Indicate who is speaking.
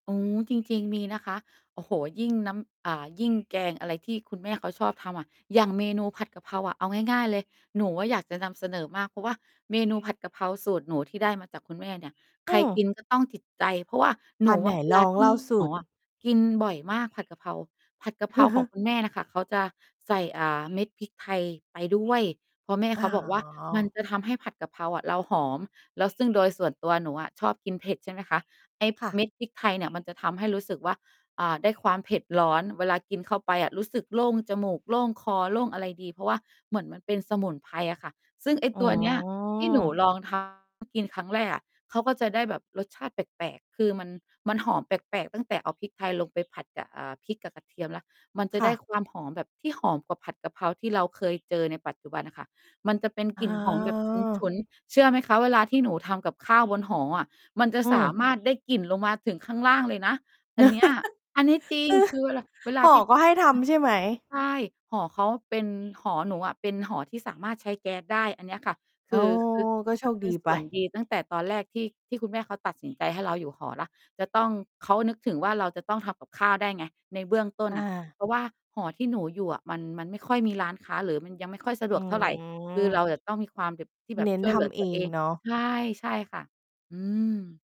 Speaker 1: อ๋อ จริง ๆ มีนะคะ โอ้โฮ ยิ่งน้ำ เอ่อ ยิ่งแกงอะไรที่คุณแม่เขาชอบทำอะ อย่างเมนูผัดกะเพราอะ เอาง่าย ๆ เลย หนูอะอยากจะนำเสนอมากเพราะว่า เมนูผัดกะเพราสูตรหนูที่ได้มาจากคุณแม่เนี่ย ใ
Speaker 2: อื
Speaker 1: ครก
Speaker 2: อ
Speaker 1: ินก็ต้องจิตใจ เพราะว่าห
Speaker 2: อ
Speaker 1: น
Speaker 2: า
Speaker 1: ู
Speaker 2: ไห
Speaker 1: อ
Speaker 2: น
Speaker 1: ะเว
Speaker 2: ล
Speaker 1: ลา
Speaker 2: อง
Speaker 1: ท
Speaker 2: เ
Speaker 1: ี
Speaker 2: ล
Speaker 1: ่
Speaker 2: ่าสู
Speaker 1: หมอ
Speaker 2: ตร
Speaker 1: อะ กินบ่อยมากผัดกะเพรา ผัดกะเพราของคุณแม่น่ะค่ะ เขาจะใส่ อ่า เม็ดพริกไทยไปด้วย เพราะแม่
Speaker 2: อ๋
Speaker 1: เขาบอกว่ามัน
Speaker 2: อ
Speaker 1: จะทำให้ผัดกะเพราอะเราหอม แล้วซึ่งโดยส่วนตัวหนูอ่ะชอบกินเผ็ด ใช่ไหมคะ ไอ้
Speaker 2: ค่ะ
Speaker 1: เม็ดพริกไทยเนี่ยมันจะทำให้รู้สึกว่า อ่า ได้ความเผ็ดร้อน เวลากินเข้าไปอะ รู้สึกโล่งจมูก โล่งคอ โล่งอะไรดีเพราะว่า เหมือนมันเป็นสมุนไพรอะค่ะ ซึ่งไอ้
Speaker 2: อ๋
Speaker 1: ตัว เนี้ย ที่หนู
Speaker 2: อ
Speaker 1: ลอง ทำ กินครั้งแรกอะ เขาก็จะได้แบบรสชาติแปลก ๆ คือมัน มันหอมแปลก ๆ ตั้งแต่เอาพริกไทยลงไปผัดกับ อ่า พริกกับกระเทียมแล้ว มันจะ
Speaker 2: ค
Speaker 1: ไ
Speaker 2: ่
Speaker 1: ด
Speaker 2: ะ
Speaker 1: ้ความหอมแบบที่หอมกว่าผัดกะเพราที่เราเคยเจอในปัจจุบันอะค่ะ มันจะเป็น
Speaker 2: อ๋
Speaker 1: กลิ่นหอม แบบฉ
Speaker 2: อ
Speaker 1: ุน ๆ เชื่อไหมคะเวลาที่หนูทำกับข้าวบนหออะ มันจะ
Speaker 2: อื
Speaker 1: สา
Speaker 2: ม
Speaker 1: มารถได้กลิ่นลงมาถึงข้างล่างเลยนะอันเนี้ย อันนี้จริงคือเวลา เวล
Speaker 2: เออ
Speaker 1: า
Speaker 2: หอ
Speaker 1: ที่
Speaker 2: ก็ให้ทำใช่ไหม?
Speaker 1: ใช่ หอเขาเป็น หอหนูอะเป็นหอที่สามารถใช้แก๊สได้อันเนี้ยค่ะ ค
Speaker 2: อ๋
Speaker 1: ื
Speaker 2: อ
Speaker 1: อ คือ
Speaker 2: ก็โช
Speaker 1: คือ
Speaker 2: ค
Speaker 1: เป
Speaker 2: ด
Speaker 1: ็
Speaker 2: ี
Speaker 1: นส
Speaker 2: ไป
Speaker 1: ่วน ดีตั้งแต่ตอนแรกที่ ที่คุณแม่เขาตัดสินใจให้เราอยู่หอแล้ว จะต้อง เขานึกถึงว่า เราจะต้องทำกับข้าวได้ไง ในเบื้องต้น
Speaker 2: อ
Speaker 1: น่ะ
Speaker 2: า
Speaker 1: เพราะว่าหอที่หนูอยู่อะ มัน มันไม่ค่อยมีร้านค้าหรือ มันยังไม่ค่อยสะด
Speaker 2: อื
Speaker 1: วกเท่าไร คือเร
Speaker 2: ม
Speaker 1: าจะต้องมีความแบบ ที่แบ
Speaker 2: เ
Speaker 1: บ
Speaker 2: น้น
Speaker 1: ช่วย
Speaker 2: ท
Speaker 1: เหลือ
Speaker 2: ำ
Speaker 1: ต
Speaker 2: เอ
Speaker 1: ัวเอ
Speaker 2: ง
Speaker 1: ง
Speaker 2: เนาะ
Speaker 1: ใช่ ใช่ค่ะ อืม